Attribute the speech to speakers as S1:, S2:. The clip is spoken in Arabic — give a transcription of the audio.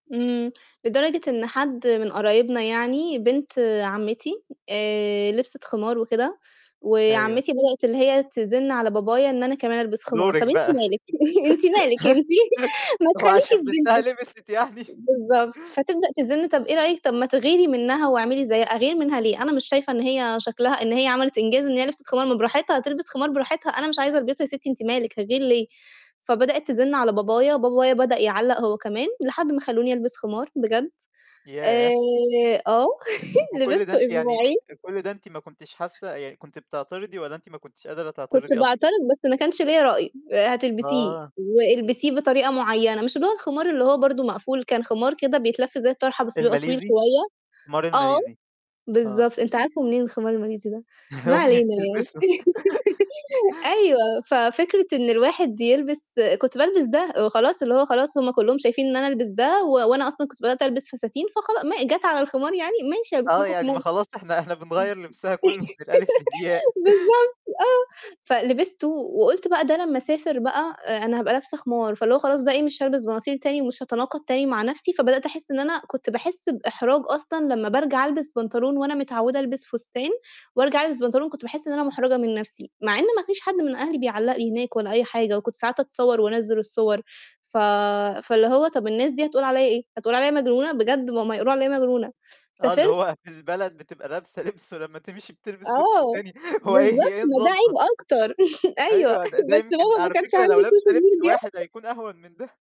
S1: إمم، لدرجة إن حد من قرايبنا يعني، بنت عمّتي آآ، لبسِت خمار وكده،
S2: أيوه.
S1: وعمّتي بدأت اللي هي تزِنّ على بابايا إن أنا كمان ألبِس خمار،
S2: دورِك
S1: طَب أنتِ
S2: بقى،
S1: مالِك؟ أنتِ مالِك أنتِ ما
S2: هو
S1: تخلّيكِ
S2: عشان
S1: في
S2: بنتها
S1: بنتِك،
S2: لبست يعني.
S1: بالضبط فتبدأ تزن طَب إيه رأيِك طَب ما تغيري منها واعملي زي أغير منها ليه؟ أنا مش شايفة إن هي شكلها إن هي عملت إنجاز إن هي لبسِت خمار، ما براحتها تلبِس خمار براحتها، أنا مش عايزة ألبسُه يا ستي أنتِ مالِك، هاغير ليه، فبدئِت تزِنّ على بابايا، بابايا بدأ يعلّق هو كمان، لحد ما خلّوني ألبِس خمار بجد، آآ
S2: ياه!
S1: آه،
S2: وكُلّ ده
S1: لبسته
S2: أنتِ يعني
S1: أسبوعين
S2: كُلّ ده أنتِ ما كنتيش حاسة، يعني كنت بتعترضي والَّا أنتِ ما كنتيش قادرة
S1: كنت
S2: تعترضي أصلًا؟
S1: باعترض بس ما كانش ليّا رأي، آآ، هتلبسيه
S2: آه.
S1: والبسيه بطريقة مُعيّنة، مش اللي هو الخمار اللي هو برضه مقفول، كان خمار كده بيتلف زي الطرحة بس بيبقى طويل
S2: الماليزي؟
S1: شوية، آه،
S2: الخمارالماليزي، آه.
S1: بالضبط، أنت عارفُه منين الخمار الماليزي ده؟ ما
S2: أمي
S1: علينا يعني
S2: بتلبسُه.
S1: أيوه، ففكرة إن الواحد يلبس كنت بالبس ده و خلاص اللي هو خلاص هم كلّهم شايفين إن أنا ألبس ده، و وأنا أصلًا كنت بدأت ألبس فساتين، فخلاص ما جَت على الخمار يعني، ماشي ألبِس
S2: آه،
S1: لكم
S2: يعني
S1: خمار.
S2: ما خلاص إحنا إحنا بنغيّر لبسها كلّه من الألف للياء.
S1: بالضبط، آه، فلبستُه، وقُلت بقى ده لمّا أسافر بقى أ أنا هابقى لابسة خمار، فاللي هو خلاص بقى إيه مش هالبِس بناطيل تاني، ومش هاتناقض تاني مع نفسي، فبدأت أحِسّ إن أنا كنت باحِسّ بإحراج أصلًا لمّا بارجع ألبس بنطلون، وأنا متعودة ألبِس فستان، وارجع ألبس بنطلون كنت باحِسّ إن أنا مُحرجة من نفسي، مع إن ما فيش حد من أهلي بيعلّق لي هناك ولا أي حاجة، وكنت ساعات أتصوّر وأنزِّل الصور، ف فاللي هو طَب الناس دي هتقول عليَّ إيه؟ هتقول عليَّ مجنونة؟ بجد ما هم هيقولوا عليَّ مجنونة،
S2: آه، اللي
S1: سافرت
S2: هو في البلد بتبقى لابسة لِبس، ولمّا تمشي بتلبِس لبس
S1: آه،
S2: تاني، هو إيه هي
S1: بالضبط،
S2: إيه
S1: ما ده
S2: نظامها؟
S1: عيب أكتر، أيوه
S2: أيوه، ده ده
S1: بس
S2: يمكن
S1: بابا ما
S2: على
S1: كانش
S2: فكرة لو
S1: عنده
S2: لابسة
S1: Social
S2: لبس
S1: Media
S2: واحد حيكون أهون من ده.